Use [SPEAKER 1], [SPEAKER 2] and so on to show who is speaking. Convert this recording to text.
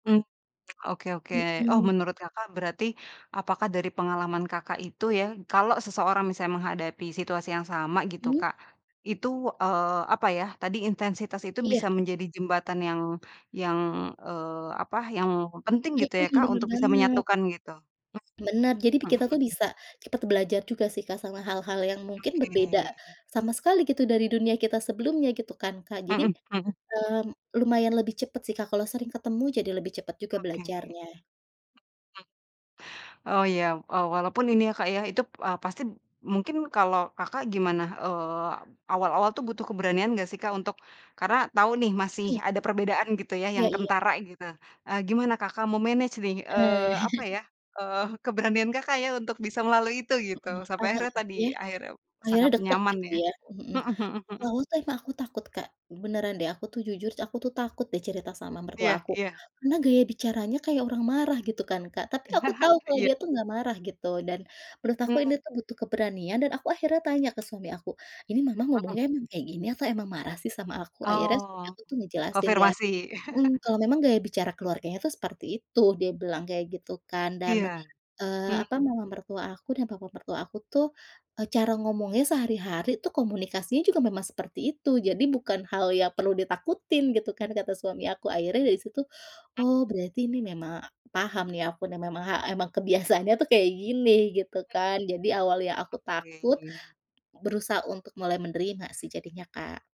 [SPEAKER 1] Mmm, oke oke. Oh,
[SPEAKER 2] Mhm.
[SPEAKER 1] menurut Kakak berarti apakah dari pengalaman Kakak itu ya, kalau seseorang, misalnya menghadapi situasi yang sama, gitu,
[SPEAKER 2] Mmm.
[SPEAKER 1] Kak. Itu, eee, apa ya, tadi intensitas itu
[SPEAKER 2] Iya.
[SPEAKER 1] bisa menjadi jembatan yang yang, eee, apa, yang penting
[SPEAKER 2] Mhm.
[SPEAKER 1] gitu ya, Kak?
[SPEAKER 2] Bener
[SPEAKER 1] Untuk bisa
[SPEAKER 2] banget.
[SPEAKER 1] menyatukan gitu.
[SPEAKER 2] Benar. Jadi bi
[SPEAKER 1] Mhm
[SPEAKER 2] kita tuh
[SPEAKER 1] mhm.
[SPEAKER 2] bisa, cepet belajar juga sih, Kak, sama hal-hal yang mungkin berbeda
[SPEAKER 1] Oke.
[SPEAKER 2] sama sekali gitu dari dunia kita sebelumnya gitu kan, Kak?
[SPEAKER 1] Mhm
[SPEAKER 2] Jadi,
[SPEAKER 1] mhm. Mhm.
[SPEAKER 2] mmm, lumayan lebih cepat sih, Kak. Kalau sering ketemu, jadi lebih cepat juga
[SPEAKER 1] Oke. Mhm.
[SPEAKER 2] belajarnya.
[SPEAKER 1] Oh, ya. Oh, walaupun ini ya, Kak, ya, itu, eee, pasti mungkin kalau Kakak gimana? Eee, awal-awal tuh butuh keberanian nggak sih, Kak? Untuk karena tahu nih masih
[SPEAKER 2] Mhm.
[SPEAKER 1] ada perbedaan, gitu ya?
[SPEAKER 2] Iya
[SPEAKER 1] Yang
[SPEAKER 2] iya.
[SPEAKER 1] kentara, gitu. Eee, gimana Kakak me-manage nih?
[SPEAKER 2] Eh.
[SPEAKER 1] Eee, apa ya? Eee, keberanian Kakak ya? Untuk bisa melalui itu, gitu?
[SPEAKER 2] Mhm.
[SPEAKER 1] Sampai
[SPEAKER 2] Aha,
[SPEAKER 1] akhirnya tadi,
[SPEAKER 2] ya.
[SPEAKER 1] akhirnya
[SPEAKER 2] Akhirnya
[SPEAKER 1] sangat
[SPEAKER 2] deket,
[SPEAKER 1] nyaman,
[SPEAKER 2] gitu
[SPEAKER 1] ya?
[SPEAKER 2] ya? Mmm, mhm.
[SPEAKER 1] Mhm mhm
[SPEAKER 2] Di
[SPEAKER 1] mhm.
[SPEAKER 2] awal tuh emang aku takut, Kak. Beneran deh, aku tuh jujur aku tuh takut deh cerita sama mertua
[SPEAKER 1] Iya
[SPEAKER 2] aku.
[SPEAKER 1] iya.
[SPEAKER 2] Karena gaya bicaranya kayak orang marah, gitu kan, Kak. Tapi aku tahu kalau
[SPEAKER 1] Iya.
[SPEAKER 2] dia tuh nggak marah, gitu. Dan menurut aku
[SPEAKER 1] Oh.
[SPEAKER 2] ini tuh butuh keberanian dan aku akhirnya tanya ke suami aku, “Ini Mama
[SPEAKER 1] Mhm.
[SPEAKER 2] ngomongnya emang kayak gini, atau emang marah sih sama aku?” Akhirnya suami
[SPEAKER 1] Oh.
[SPEAKER 2] aku tuh ngejelasin. Dia
[SPEAKER 1] Konfirmasi?
[SPEAKER 2] mhm. Kalau memang gaya bicara keluarganya tuh seperti itu. Dia bilang kayak gitu, kan. Dan,
[SPEAKER 1] Iya.
[SPEAKER 2] eee, apa,
[SPEAKER 1] Mmm.
[SPEAKER 2] Mama mertua aku dan Papa mertua aku tuh, eee, cara ngomongnya sehari-hari tuh, komunikasinya juga memang seperti itu. Jadi bukan hal yang perlu ditakutin, gitu kan, kata suami aku. Akhirnya dari situ,
[SPEAKER 1] [unintelligible]
[SPEAKER 2] oh berarti ini memang, paham nih aku dan memang ha emang kebiasaannya tuh kayak gini, gitu
[SPEAKER 1] Mmm.
[SPEAKER 2] kan? Jadi awalnya aku takut,
[SPEAKER 1] Oke.
[SPEAKER 2] berusaha untuk mulai menerima sih jadinya, Kak.